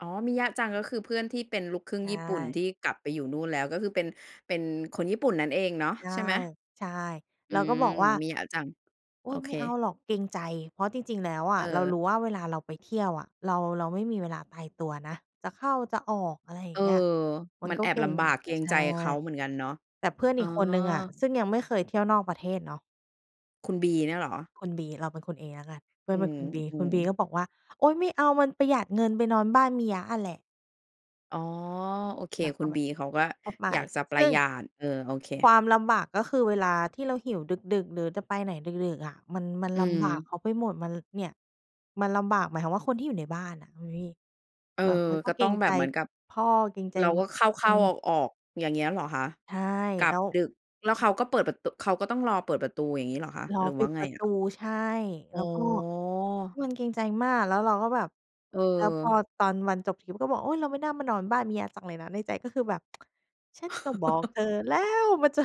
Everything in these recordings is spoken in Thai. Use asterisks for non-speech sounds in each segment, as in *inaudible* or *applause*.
อ๋อ มิยะจัง ก็คือเพื่อนที่เป็นลูกครึ่ใงชญี่ปุ่น ท่ ี่กลับไปอยู่นู่นแล้ว ก็คือเป็น เป็นคนญี่ปุ่นนั้นเองเนาะ ใช่ ใช่ไหม? ใช่ อืเราก็ม บอกว่า มิยะจัง "โอโ๊อย เไค ม่เอาหรอกเกรงใจ" เพราะจริง ๆ แล้วอเะ เรารออ ู้ว่าเวลาเราไปเที่ยวอะ เรา เราไม่มีเวลาตายตัวนะ จะเข้าจะออก อะไรอยเ่อาอ งเงี้ย มัมนันก็แอเบกร็ลง ำบาก เกรใงชใ่ จเขาเหมือนกันเนาะ แต่เพื่อนอ๋ออ ีกคนหนึ่งอะ ซึ่งยังไม่เคยเที่ยวนอกประเทศเนาะ คุณ B เนี่ยเหรอ? คุณ B เราเป็นคุณ A แล้วกัน เพื่ออืนเป็นม คุณ B อืคุณ ม B ก็บอกว่า "โอ๊ย ไม่เอามันประหยัดเงิน ไปนอนบ้านมิยะอะแหละ" อ๋อ โอเค เราคุก็ณ แบB บ เขาก็ก็ไป อยากจะปซรึะ่หง ยัด เออ โอเค ความลำบาก ก็คือเวลาที่เราหิวดึก ๆ หรือจะไปไหนดึก ๆ อะ มัน มันอืลำบากม เขาไปหมด มัน เนี่ย มันลำบาก หมายความว่า คนที่อยู่ในบ้านอะคุณพี่ เออ แบบเรากก็็เกตร้องงแบใจบเหมือนกับ พ่อ เกรงใจ เราก็เขอ้ืา ๆ อม อก ๆ อย่างเงี้ยเหรอคะ? ใช่ กลัแลบ้ว ดึก แล้วเขาก็เปิดประ ต เขาก็ต้องรอเปิดประตู อย่างงี้เหรอคะ? รอหรือปว่ิาดไปงระอตะ? ู ใช่ อแ๋ล้วก็ อ มันเกรงใจมาก แล้วเราก็แบบ เแล้วพอออ ตอนวันจบทริปก็บอก "โอ้ย เราไม่น่ามานอนบ้านมิยะจังเลยนะ" ในใจก็คือแบบ *tsk* ฉันก็บอกเธอ*laughs* แล้ว มันจะ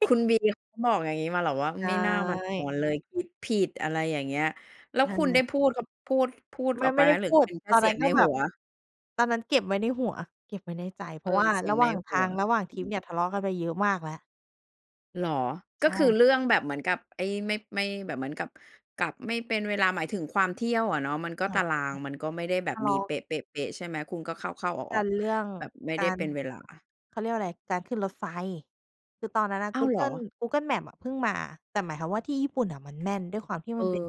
คุณ คุณ B เขาบอกอย่างงี้มาเหรอว่า "อืใชม ไม่น่ามานอ่ นเลย คิดผิด" อะไรอย่างเงี้ย แล้ใวช่คุณเลได้ย พูด ก พูด พูดไมอ่ อกไไปม่ไไหดม? ้หรืพอูเด ป็นแค่ตอนเสีนัย้งนใกน็แบหับ ว? ตอนนั้นเก็บไว้ในหัว เก็บไว้ในใจ เพเรอาะวอ ่าเสียรงะใหนว่างหทัาว ง ระหว่างอทืริปม เนี่ย ทะเลาะกันไปเยอะมากแล้ว เหรอ? กใช็คือ่ เรื่องแบบเหมือนกับไอ้ ไม่ ไม่ แบบเหมือนกับกลับไม่เป็นเวลา หมายถึงความเที่ยวอะเนาะ มันก็น่ตาาจราะง มันก็ไม่ได้แบใช่ ทบะเลมีาะ เป๊ะ ๆ ๆ ใช่ไหม คุณก็เข้า ๆ อกอัก นเรื่องๆ แบบไม่ไกดา้เร ป็นเวลา เขาเรียกว่าอะไร การขึ้นรถไฟ คือตอนนั้นน่ะอ้กาูว เหเรกิอ? ล Google Maps อะเพิ่งมา แต่หมายความว่า ที่ญี่ปุ่นน่ะมันแม่น ด้วยความที่เอมอ ันเป็น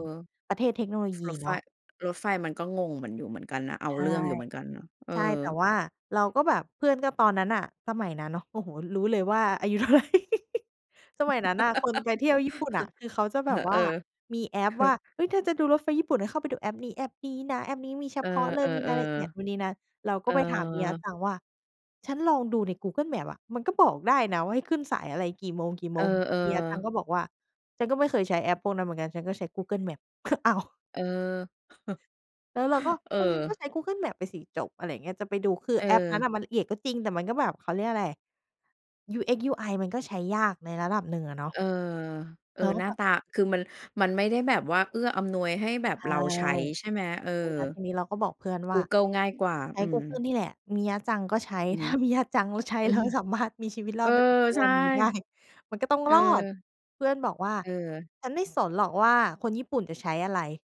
ประเทศเทคโนโลยีรถไเฟ นาะ รถไฟมันก็งงเหมือนอยู่เหมือนกันนะ เอาใช่ เรื่องอยู่เหมือนกันนะ เออ ใช่ แต่ว่า เราก็แบบเพื่อน ก็ตอนนั้นน่ะ สมัยนั้นเนาะ โอ้โฮ รู้เลยว่าอายุ เท่าไร สมัยนั้นน่ะ คนไปเที่ยวญี่ปุ่นอะ คือเขาจะแบบ*laughs* วเ่อา อ มีแอปเฮอว่ะ า เฮ้ย เธอจะดูรถไฟญี่ปุ่น ให้เข้าไปดูแอปนี้ แอปนี้นะ แอปนี้มีเฉเออ พาะเลย มีรายละเอียดนู่นๆ นี่นั่น เราๆ เกอ็อ ไปถามมิยะจังว่า "ฉันลองดูใน Google Maps อะ มันก็บอกได้นะว่า ให้ขึ้นสายอะไรกี่โมง กี่เโอมอ ง" มิยะจังๆ ก็บอกว่า "ฉันก็ไม่เคยใช้แอปพวกนั้นเหมือนกัน ฉันก็ใช้ Google Maps" อ้าว เออ แล้วเราก็ *chuckles* เออ เออ งั้นก็ใช้ Google Maps ไปสิจบ อะไรอย่างเงี้ย จะไปดู คือเแอปนั้น ออ มันละเอียดก็จริง แต่มันก็แบบ เขาเรียกอะไร UX UI มันก็ใช้ยากในระดับหนึ่งอะเนาะ เออ เอเอ ราก็หน้าแบบ ตา คือมัน มันไม่ได้แบบว่า เอื้ออำนวยให้แบบใช่ เราใช้ ใช่ไหม? เออ เออ แล้วทีนี้เราก็บอกเพื่อนกวู่า เกิลง่ายกว่า ใช้อืกูเกิลม นี่แหละ มิยะจังก็ใช้ อือถฮ้ึ ามิยะจังเขาใช้ อืแล้ม วสามารถมีชีวิตรเอออ ดมาถึงทุกใชว่ ันนี้ได้ มันก็ต้องเออ รอด เพื่อนบอกว่า เออ "ฉันไม่สนหรอกว่า คนญี่ปุ่นจะใช้อะไร?"